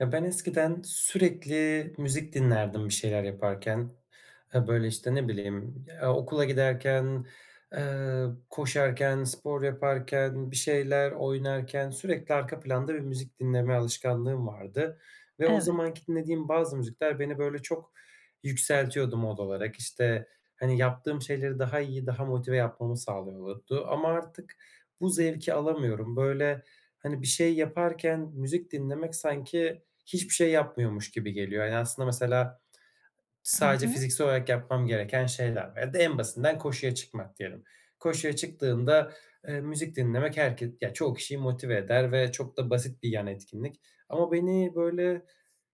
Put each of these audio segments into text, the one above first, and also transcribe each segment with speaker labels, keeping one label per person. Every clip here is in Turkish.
Speaker 1: Ya, ben eskiden sürekli müzik dinlerdim bir şeyler yaparken. E, böyle, işte, ne bileyim, eee, okula giderken, eee, koşarken, spor yaparken, bir şeyler oynarken sürekli arka planda bir müzik dinleme alışkanlığım vardı ve o
Speaker 2: Evet.
Speaker 1: zamanki dinlediğim bazı müzikler beni böyle çok yükseltiyordu mod olarak. İşte, hani, yaptığım şeyleri daha iyi, daha motive yapmamı sağlıyordu ama artık bu zevki alamıyorum. Böyle, hani, bir şey yaparken müzik dinlemek sanki hiçbir şey yapmıyormuş gibi geliyor. Ya, hani aslında mesela
Speaker 2: Hı
Speaker 1: sadece
Speaker 2: hı.
Speaker 1: fiziksel olarak yapmam gereken şeyler ya da en basitinden koşuya çıkmak diyelim. Koşuya çıktığında, eee, müzik dinlemek herke ya çoğu kişiyi motive eder ve çok da basit bir yan etkinlik ama beni böyle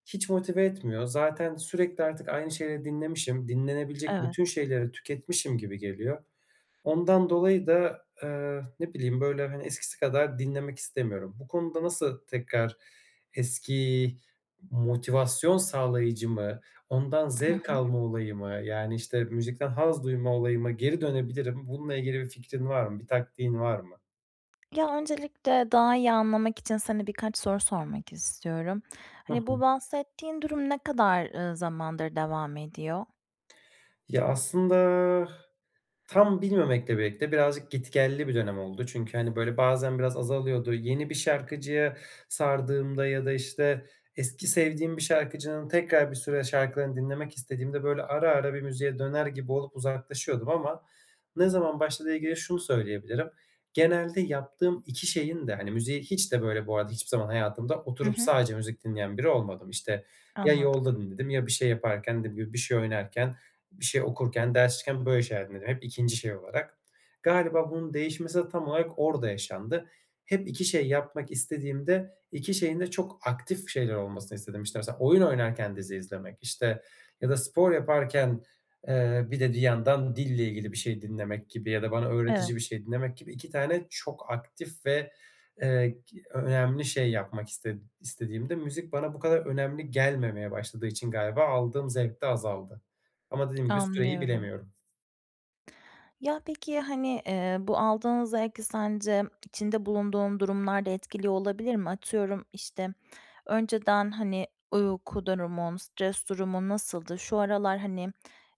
Speaker 1: hiç motive etmiyor. Zaten sürekli artık aynı şeyleri dinlemişim, dinlenebilecek
Speaker 2: Evet.
Speaker 1: bütün şeyleri tüketmişim gibi geliyor. Ondan dolayı da, eee, ne bileyim böyle, hani, eskisi kadar dinlemek istemiyorum. Bu konuda nasıl tekrar eski motivasyon sağlayıcı mı, ondan
Speaker 2: Hı
Speaker 1: zevk
Speaker 2: hı.
Speaker 1: alma olayı mı, yani, işte, müzikten haz duyma olayıma geri dönebilirim? Bununla ilgili bir fikrin var mı, bir taktiğin var mı?
Speaker 2: Ya, öncelikle daha iyi anlamak için seni, birkaç soru sormak istiyorum.
Speaker 1: Hı
Speaker 2: Hani bu
Speaker 1: hı.
Speaker 2: bahsettiğin durum ne kadar, ııı, zamandır devam ediyor?
Speaker 1: Ya, aslında, tam bilmemekle birlikte, birazcık git gelli bir dönem oldu. Çünkü, hani, böyle, bazen biraz azalıyordu. Yeni bir şarkıcıya sardığımda ya da, işte, eski sevdiğim bir şarkıcının tekrar bir süre şarkılarını dinlemek istediğimde, böyle, ara ara bir müziğe döner gibi olup uzaklaşıyordum ama ne zaman başladığıyla ilgili şunu söyleyebilirim: Genelde yaptığım 2 şeyin de, hani, müziğe hiç de, böyle, bu arada hiçbir zaman hayatımda
Speaker 2: Hı
Speaker 1: oturup
Speaker 2: hı.
Speaker 1: sadece müzik dinleyen biri olmadım. İşte, ya
Speaker 2: Anladım.
Speaker 1: yolda dinledim, ya bir şey yaparken; dediğim gibi, bir şey oynarken, bir şey okurken, ders çalışırken... böyle şeyler dinledim, hep 2. şey olarak. Galiba bunun değişmesi de tam olarak orada yaşandı. Hep 2 şey yapmak istediğimde, 2 şeyin de çok aktif şeyler olmasını istedim. İşte, mesela oyun oynarken dizi izlemek, işte, ya da spor yaparken, eee, bir de bir yandan dille ilgili bir şey dinlemek gibi ya da bana
Speaker 2: Evet.
Speaker 1: öğretici bir şey dinlemek gibi... 2 tane çok aktif ve, eee, gi önemli şey yapmak iste istediğimde, müzik bana bu kadar önemli gelmemeye başladığı için galiba aldığım zevk de azaldı. Ama dediğim gibi, süreyi
Speaker 2: Anlıyorum.
Speaker 1: bilemiyorum.
Speaker 2: Ya, peki, hani, eee, bu aldığın zevki sence içinde bulunduğun durumlar da etkiliyor olabilir mi? Atıyorum, işte, önceden, hani, uyku durumun, stres durumun nasıldı? Şu aralar, hani,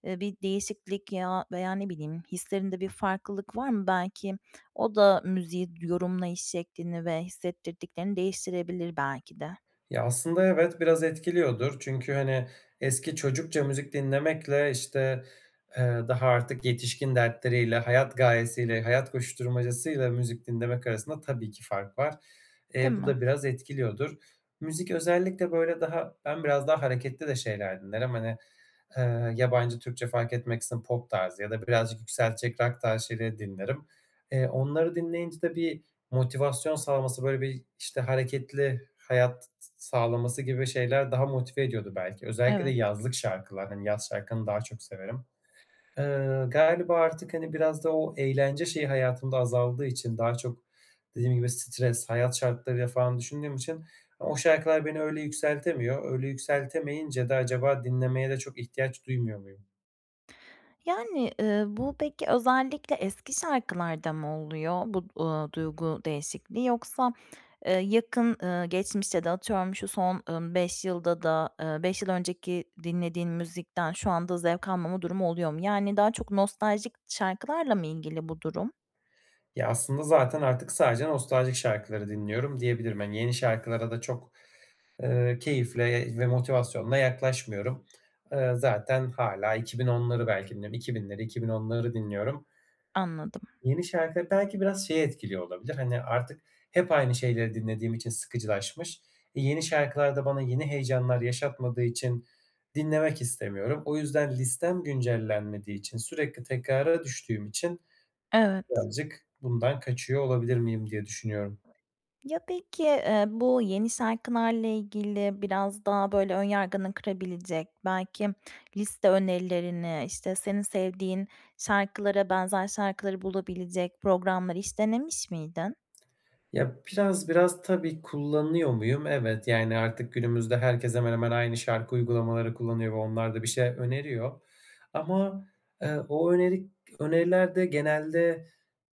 Speaker 2: eee, bir değişiklik ya, veya, ne bileyim, hislerinde bir farklılık var mı? Belki o da müziği yorumlayış şeklini ve hissettirdiklerini değiştirebilir belki de.
Speaker 1: Ya, aslında evet, biraz etkiliyordur. Çünkü, hani, eski çocukça müzik dinlemekle, işte, eee, daha artık yetişkin dertleriyle, hayat gayesiyle, hayat koşuşturmacasıyla müzik dinlemek arasında tabii ki fark var.
Speaker 2: Değil
Speaker 1: Eee, bu
Speaker 2: mi?
Speaker 1: da biraz etkiliyordur. Müzik özellikle, böyle, daha ben biraz daha hareketli de şeyler dinlerim, hani, eee, yabancı Türkçe fark etmeksizin pop tarzı ya da birazcık yükseltecek rock tarzı şeyleri dinlerim. Eee, onları dinleyince de bir motivasyon sağlaması, böyle, bir, işte, hareketli hayat s s sağlaması gibi şeyler daha motive ediyordu belki. Özellikle de
Speaker 2: Evet.
Speaker 1: yazlık şarkılar, hani, yaz şarkılarını daha çok severim. Eee, galiba artık, hani, biraz da o eğlence şeyi hayatımda azaldığı için, daha çok dediğim gibi stres, hayat şartlarıyla falan düşündüğüm için o şarkılar beni öyle yükseltemiyor. Öyle yükseltemeyince de acaba dinlemeye de çok ihtiyaç duymuyor muyum?
Speaker 2: Yani, ııı, bu peki özellikle eski şarkılarda mı oluyor, bu, ııı, duygu değişikliği, yoksa, eee, yakın, eee, geçmişte de atıyorum, şu son, ımm, 5 yılda da ııı, 5 yıl önceki dinlediğin müzikten şu anda zevk almama durumu oluyor mu? Yani daha çok nostaljik şarkılarla mı ilgili bu durum?
Speaker 1: Ya, aslında zaten artık sadece nostaljik şarkıları dinliyorum diyebilirim. Hani yeni şarkılara da çok, ııı, keyifle ve motivasyonla yaklaşmıyorum. Iıı, zaten hâlâ 2010'ları belki dinliyorum. 2000'leri, 2010'ları dinliyorum.
Speaker 2: Anladım.
Speaker 1: Yeni şarkı, belki biraz şeyi etkiliyor olabilir, hani, artık hep aynı şeyleri dinlediğim için sıkıcılaşmış. E, yeni şarkılar da bana yeni heyecanlar yaşatmadığı için dinlemek istemiyorum. O yüzden listem güncellenmediği için, sürekli tekrara düştüğüm için,
Speaker 2: Evet.
Speaker 1: birazcık bundan kaçıyor olabilir miyim diye düşünüyorum.
Speaker 2: Ya, peki, ııı, bu yeni şarkılarla ilgili biraz daha, böyle, ön yargını kırabilecek, belki liste önerilerini, işte senin sevdiğin şarkılara benzer şarkıları bulabilecek programları hiç denemiş miydin?
Speaker 1: Ya, biraz biraz tabii kullanıyor muyum? Evet. Yani, artık günümüzde herkes hemen hemen aynı şarkı uygulamaları kullanıyor ve onlar da bir şey öneriyor ama, ııı, o öneri öneriler de genelde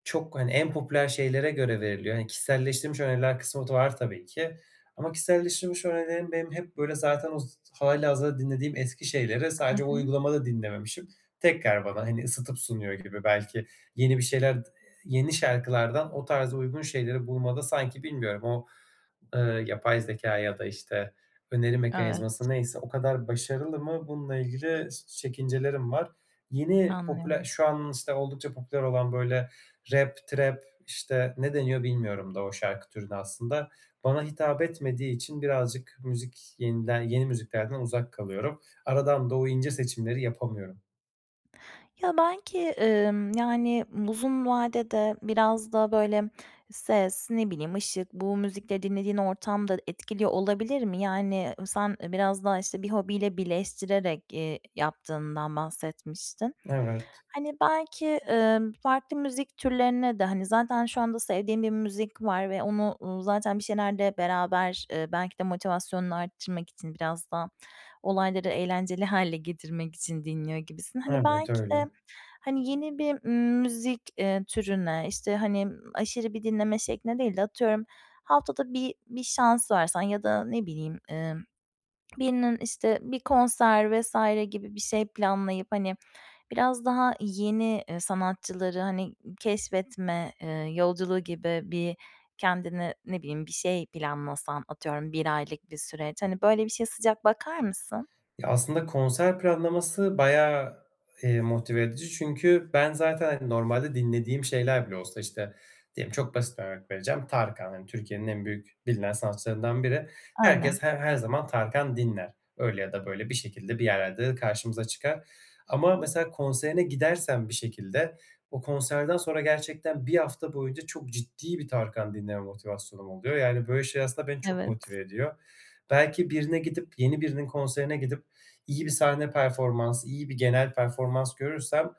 Speaker 1: çok hani en popüler şeylere göre veriliyor, hani kişiselleştirilmiş öneriler kısmı da var tabii ki. Ama kişiselleştirilmiş önerilerim benim hep, böyle, zaten o z hâlihazırda dinlediğim eski şeyleri
Speaker 2: Hı
Speaker 1: sadece o
Speaker 2: hı.
Speaker 1: uygulamada dinlememişim. Tekrar bana hani ısıtıp sunuyor gibi. Belki yeni bir şeyler ııı, yeni şarkılardan o tarz uygun şeyleri bulmada, sanki bilmiyorum, o, ııı, yapay zekâ ya da işte öneri
Speaker 2: Evet.
Speaker 1: mekanizması neyse, o kadar başarılı mı bununla ilgili s çekincelerim var. Yeni, popüler
Speaker 2: Anlıyorum.
Speaker 1: şu an, işte, oldukça popüler olan, böyle, rap, trap işte, ne deniyor bilmiyorum da o şarkı türüne aslında. Bana hitap etmediği için birazcık müzik yeniden yeni müziklerden uzak kalıyorum. Aradan da o ince seçimleri yapamıyorum.
Speaker 2: Ya belki, ımm, yani uzun vadede biraz da böyle ses, ne bileyim ışık bu müzikleri dinlediğin ortam da etkiliyor olabilir mi? Yani sen biraz daha, işte, bir hobiyle birleştirerek, eee, yaptığından bahsetmiştin.
Speaker 1: Evet.
Speaker 2: Hani belki, ımm, farklı müzik türlerine de, hani, zaten şu anda sevdiğin bir müzik var ve onu, uuu, zaten bir şeylerde beraber, ııı, belki de motivasyonunu arttırmak için, biraz da olayları eğlenceli hâle getirmek için dinliyor gibisin. Hani
Speaker 1: Evet,
Speaker 2: belki de,
Speaker 1: öyle.
Speaker 2: hani, yeni bir, ımm, müzik, eee, türüne, işte, hani, aşırı bir dinleme şekline değil de atıyorum haftada bi bir şans versen ya da, ne bileyim, ımm, birinin, işte, bir konser vs. gibi bir şey planlayıp, hani, biraz daha yeni, ııı, sanatçıları hani ı keşfetme, ııı, yolculuğu gibi bir kendini ne bileyim bir şey planlasan, atıyorum 1 aylık bir süreç, hani, böyle bir şeye sıcak bakar mısın?
Speaker 1: Ya aslında konser planlaması bayağı, eee, motive edici çünkü ben zaten, hani, normalde dinlediğim şeyler bile olsa, işte, diyelim çok basit bir örnek vereceğim, Tarkan, hani, Türkiye'nin en büyük, bilinen sanatçılarından biri.
Speaker 2: Aynen.
Speaker 1: Herkes her her zaman Tarkan dinler. Öyle ya da böyle bir şekilde bir yerlerde de karşımıza çıkar ama mesela konserine gidersen bir şekilde, o konserden sonra gerçekten 1 hafta boyunca çok ciddi bir Tarkan dinleme motivasyonum oluyor yani, böyle, şey, aslında beni çok
Speaker 2: Evet.
Speaker 1: motive ediyor. Belki birine gidip, yeni birinin konserine gidip iyi bir sahne performans, iyi bir genel performans görürsem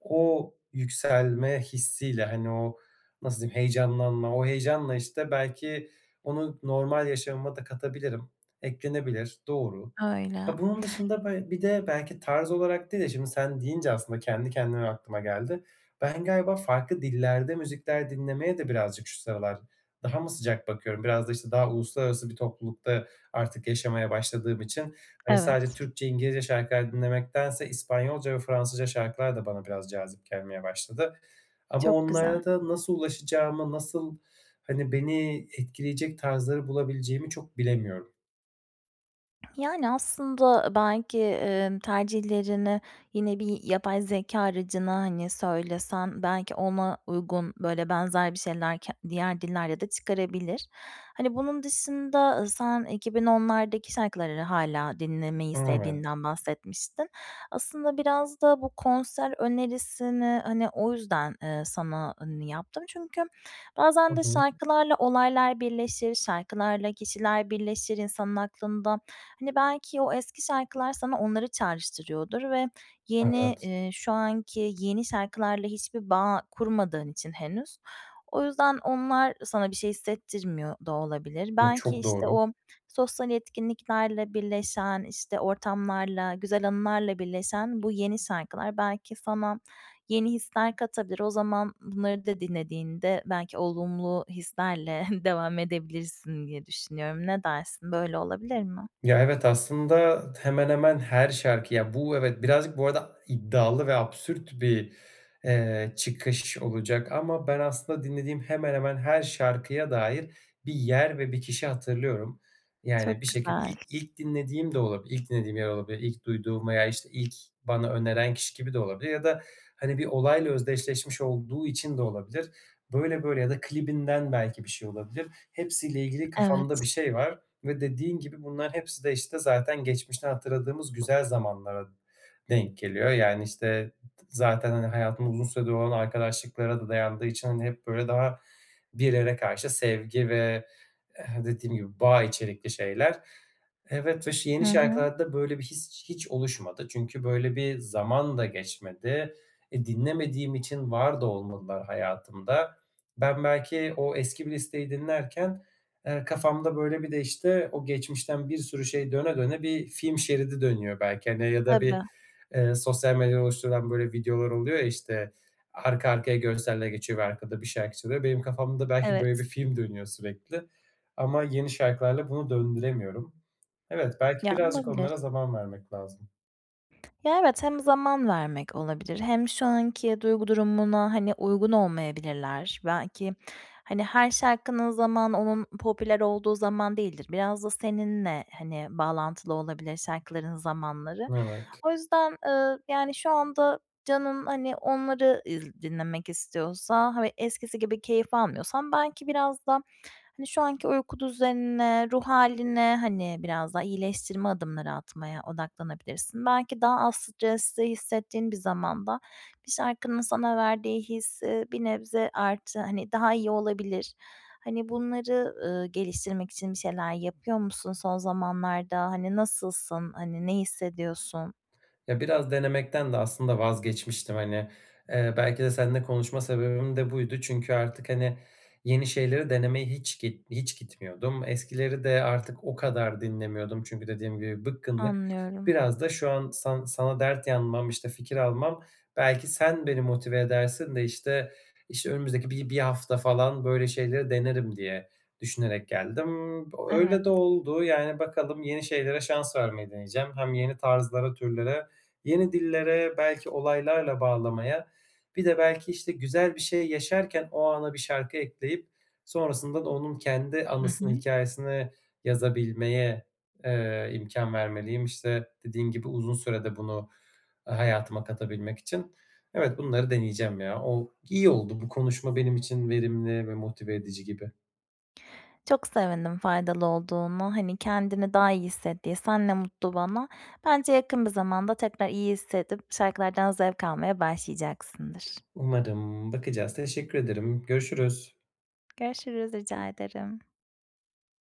Speaker 1: o yükselme hissiyle, hani, o nasıl diyeyim, heyecanlanma, o heyecanla, işte, belki onu normal yaşamıma da katabilirim. Eklenebilir, doğru.
Speaker 2: Öyle.
Speaker 1: Ha, bunun dışında be bir de belki tarz olarak değil de, şimdi sen deyince aslında kendi kendime aklıma geldi. Ben galiba farklı dillerde müzikler dinlemeye de birazcık şu sıralar daha mı sıcak bakıyorum, biraz da, işte, daha uluslararası bir toplulukta artık yaşamaya başladığım için, hani, sadece
Speaker 2: Evet.
Speaker 1: Türkçe, İngilizce şarkılar dinlemektense İspanyolca ve Fransızca şarkılar da bana biraz cazip gelmeye başladı. Ama
Speaker 2: Çok güzel.
Speaker 1: onlara da nasıl ulaşacağımı, nasıl, hani, beni etkileyecek tarzları bulabileceğimi çok bilemiyorum.
Speaker 2: Yani aslında belki, ımm, tercihlerini yine bir yapay zekâ aracına hani söylesen belki ona uygun böyle benzer bir şeyler ke diğer dillerde de çıkarabilir. Hani, bunun dışında sen 2010'lardaki şarkıları hâlâ dinlemeyi
Speaker 1: [unintelligible] Evet.
Speaker 2: sevdiğinden bahsetmiştin. Aslında biraz da bu konser önerisini, hani, o yüzden, ııı, sana yaptım çünkü
Speaker 1: Hı
Speaker 2: bazen de
Speaker 1: hı.
Speaker 2: şarkılarla olaylar birleşir, şarkılarla kişiler birleşir insanın aklında. Hani, belki o eski şarkılar sana onları çağrıştırıyordur ve yeni,
Speaker 1: Evet.
Speaker 2: ııı, şu anki yeni şarkılarla hiçbir bağ kurmadığın için henüz, o yüzden onlar sana bir şey hissettirmiyor da olabilir.
Speaker 1: Iıı,
Speaker 2: Belki,
Speaker 1: çok
Speaker 2: işte,
Speaker 1: doğru.
Speaker 2: o sosyal etkinliklerle birleşen, işte, ortamlarla, güzel anılarla birleşen bu yeni şarkılar belki sana yeni hisler katabilir. O zaman bunları da dinlediğinde belki olumlu hislerle devam edebilirsin diye düşünüyorum. Ne dersin, böyle olabilir mi?
Speaker 1: Ya evet, aslında hemen, hemen her şarkı ya Bu evet birazcık, bu arada iddialı ve absürt bir, eee, çıkış olacak ama ben aslında dinlediğim hemen, hemen her şarkıya dair bir yer ve bir kişi hatırlıyorum. Yani,
Speaker 2: Çok
Speaker 1: bir şeki
Speaker 2: güzel.
Speaker 1: il ilk dinlediğim de olabilir, ilk dinlediğim yer olabilir, ilk duyduğum veya, işte, ilk bana öneren kişi gibi de olabilir ya da, hani, bir olayla özdeşleşmiş olduğu için de olabilir, böyle, böyle ya da klibinden belki bir şey olabilir. Hepsiyle ilgili kafamda
Speaker 2: Evet.
Speaker 1: bir şey var ve dediğin gibi bunlar hepsi de işte zaten geçmişten hatırladığımız güzel zamanlara denk geliyor, yani, işte, ı zaten, hani, hayatımda uzun süredir olan arkadaşlıklara da dayandığı için, hani, hep böyle daha bir yere karşı sevgi ve, eee, dediğim gibi bağ içerikli şeyler. Evet ve ş
Speaker 2: Hı
Speaker 1: yeni
Speaker 2: hı.
Speaker 1: şarkılarda böyle bir his hiç oluşmadı. Çünkü böyle bir zaman da geçmedi. E, dinlemediğim için var da olmadılar hayatımda. Ben belki o eski bir listeyi dinlerken, eee, kafamda böyle bir de, işte, o geçmişten bir sürü şey döne, döne bir film şeridi dönüyor belki, hani, ya da
Speaker 2: Tabii.
Speaker 1: bir, ııı, sosyal medyada oluşturulan böyle videolar oluyor ya, işte, arka arkaya görseller geçiyor ve arkada bir şarkı çalıyor. Benim kafamda belki böyle
Speaker 2: Evet.
Speaker 1: bir film dönüyor sürekli ama yeni şarkılarla bunu döndüremiyorum. Evet, belki
Speaker 2: Ya,
Speaker 1: birazcık
Speaker 2: olabilir.
Speaker 1: onlara zaman vermek lazım.
Speaker 2: Ya, evet, hem zaman vermek olabilir hem şu anki duygu durumuna, hani, uygun olmayabilirler. Belki, hani, her şarkının zamanı onun popüler olduğu zaman değildir. Biraz da seninle, hani, bağlantılı olabilir şarkıların zamanları.
Speaker 1: Evet.
Speaker 2: O yüzden, ııı, yani, şu anda canın, hani, onları [unintelligible] dinlemek istiyorsa, hani, eskisi gibi keyif almıyorsan belki biraz da, hani, şu anki uyku düzenine, ruh hâline, hani, biraz daha iyileştirme adımları atmaya odaklanabilirsin. Belki daha az stresli hissettiğin bir zamanda bir şarkının sana verdiği his, ııı, bir nebze artı, hani, daha iyi olabilir. Hani, bunları, ııı, geliştirmek için bir şeyler yapıyor musun son zamanlarda? Hani, nasılsın? Hani, ne hissediyorsun?
Speaker 1: Ya, biraz denemekten de aslında vazgeçmiştim, hani, eee, belki de seninle konuşma sebebim de buydu. Çünkü artık, hani, yeni şeyleri denemeye hiç git hiç gitmiyordum. Eskileri de artık o kadar dinlemiyordum çünkü dediğim gibi bıkkınlık.
Speaker 2: Anlıyorum.
Speaker 1: Biraz da şu an san sana dert yanmam, işte, fikir almam, belki sen beni motive edersin de, işte, işte, önümüzdeki bir bir hafta falan böyle şeyleri denerim diye düşünerek geldim. B
Speaker 2: Evet.
Speaker 1: öyle de oldu, yani, bakalım yeni şeylere şans vermeyi deneyeceğim. Hem yeni tarzlara türlere, yeni dillere belki olaylarla bağlamaya, bir de belki, işte, güzel bir şey yaşarken o ana bir şarkı ekleyip sonrasında da onun kendi
Speaker 2: Hı
Speaker 1: anısını,
Speaker 2: hı.
Speaker 1: hikâyesini yazabilmeye, eee, imkân vermeliyim, işte, dediğin gibi uzun sürede bunu hayatıma katabilmek için. Evet, bunları deneyeceğim ya. O iyi oldu. Bu konuşma benim için verimli ve motive edici gibi.
Speaker 2: Çok sevindim faydalı olduğuna. Hani, kendini daha iyi hissettiysen ne mutlu bana. Bence yakın bir zamanda tekrar iyi hissedip şarkılardan zevk almaya başlayacaksındır.
Speaker 1: Umarım. Bakacağız. Teşekkür ederim. Görüşürüz.
Speaker 2: Görüşürüz. Rica ederim.